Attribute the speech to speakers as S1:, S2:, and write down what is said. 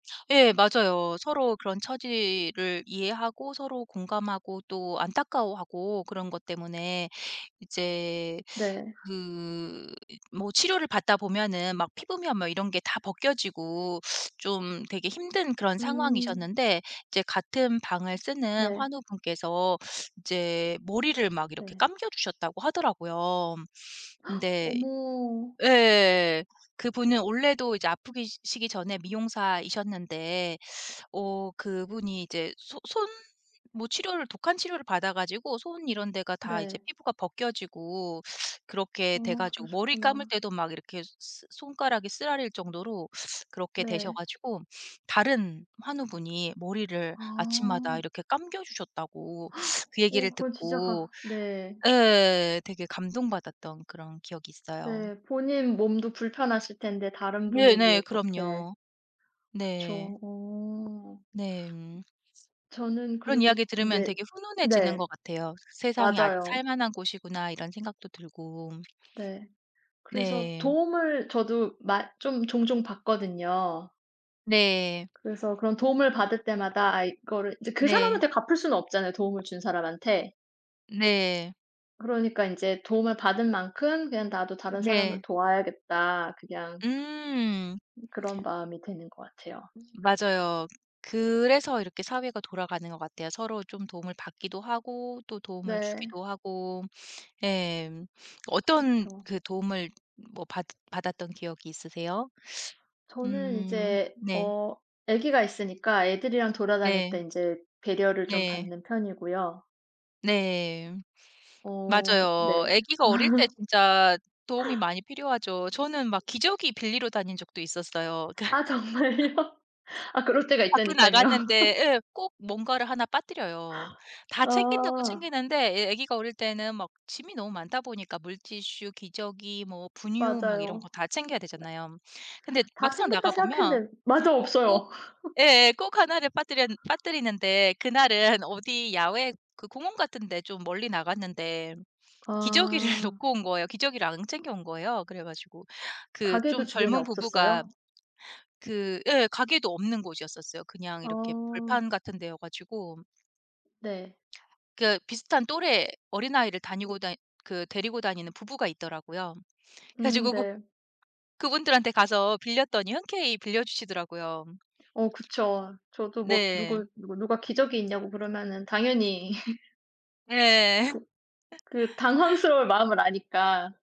S1: 예 맞아요. 서로 그런 처지를 이해하고 서로 공감하고 또 안타까워하고 그런 것 때문에 이제
S2: 네.
S1: 그 이 뭐 치료를 받다 보면은 막 피부며 뭐 이런 게 다 벗겨지고 좀 되게 힘든 그런
S2: 음.
S1: 상황이셨는데 이제 같은 방을 쓰는
S2: 네.
S1: 환우분께서 이제 머리를 막 이렇게
S2: 네.
S1: 감겨 주셨다고 하더라고요. 근데
S2: 어머.
S1: 예예예 그분은 원래도 이제 아프기 시기 전에 미용사이셨는데 어 그분이 이제 소 손 뭐 치료를 독한 치료를 받아 가지고 손 이런 데가 다 이제
S2: 네.
S1: 피부가 벗겨지고 그렇게 돼
S2: 어
S1: 가지고 머리 감을
S2: 그러셨구나.
S1: 때도 막 이렇게 스 손가락이 쓰라릴 정도로 그렇게 되셔
S2: 네.
S1: 가지고 다른 환우분이 머리를 아침마다
S2: 아.
S1: 이렇게 감겨 주셨다고 그
S2: 어
S1: 얘기를
S2: 그건 진짜
S1: 듣고
S2: 가 네.
S1: 예 되게 감동받았던 그런 기억이 있어요.
S2: 네. 본인 몸도 불편하실 텐데 다른 분을
S1: 네네.
S2: 위해 그렇게
S1: 그럼요. 네.
S2: 그쵸. 어.
S1: 네. 음.
S2: 저는
S1: 그런
S2: 그리고
S1: 이야기 들으면
S2: 인제
S1: 되게 훈훈해지는
S2: 네
S1: 것 같아요. '세상이 아직
S2: 맞아요.
S1: 살만한 곳이구나.' 이런 생각도 들고.
S2: 네. 그래서
S1: 네.
S2: 도움을 저도 마 좀 종종 받거든요.
S1: 네.
S2: 그래서 그런 도움을 받을 때마다 아 이거를 이제 그
S1: 네.
S2: 사람한테 갚을 수는 없잖아요 도움을 준 사람한테.
S1: 네.
S2: 그러니까 인제 '도움을 받은 만큼 그냥 나도 다른 사람을
S1: 네.
S2: 도와야겠다.' 그냥
S1: 음.
S2: 음 그런 마음이 드는 것 같아요.
S1: 맞아요. 그래서 이렇게 사회가 돌아가는 것 같아요. 서로 좀 도움을 받기도 하고 또 도움을
S2: 네.
S1: 주기도 하고 예 어떤
S2: 그쵸.
S1: 그 도움을 뭐 받 받았던 기억이 있으세요?
S2: 저는
S1: 음.
S2: 이제
S1: 네.
S2: 어 아기가 있으니까 애들이랑 돌아다닐 때
S1: 네.
S2: 인제 배려를 좀
S1: 네.
S2: 받는 편이고요.
S1: 네.
S2: 어
S1: 맞아요.
S2: 네.
S1: 애기가 어릴 때 진짜 도움이 많이 필요하죠. 저는 막 기저귀 빌리러 다닌 적도 있었어요.
S2: 아 정말요? 아 그럴 때가
S1: 밖에
S2: 있다니깐요.
S1: 나갔는데 예 꼭 뭔가를 1 빠뜨려요. 다 챙긴다고
S2: 아.
S1: 챙기는데 애 아기가 어릴 때는 막 짐이 너무 많다 보니까 물티슈, 기저귀, 뭐 분유 막 이런 거
S2: 맞아요.
S1: 다 챙겨야 되잖아요. 근데
S2: 다
S1: 막상
S2: 챙겼다
S1: 나가 보면
S2: 생각했는데 맞아.
S1: 꼭
S2: 없어요.
S1: 예예 꼭 1 를 빠뜨렸 빠뜨리는데 그날은 어디 야외 그 공원 같은 데 좀 멀리 나갔는데 기저귀를
S2: 아.
S1: 놓고 온 거예요. 기저귀를 안 챙겨 온 거예요. 그래 가지고 그 좀
S2: 가게도 주변에
S1: 젊은 부부가
S2: 없었어요?
S1: 그 예 가게도 없는 곳이었었어요 그냥 이렇게
S2: 아.
S1: 벌판 같은 데여 가지고.
S2: 네.
S1: 그 비슷한 또래 어린아이를 다니고 다니 그 데리고 다니는 부부가 있더라고요. 그래
S2: 음
S1: 가지고 그
S2: 네.
S1: 그분들한테 가서 빌렸더니 흔쾌히 빌려주시더라고요.
S2: 어 그쵸. 저도 뭐
S1: 네.
S2: 누구 누구 누가 기저귀 있냐고 그러면은 당연히.
S1: 예예예.
S2: 그 그 당황스러울 마음을 아니까.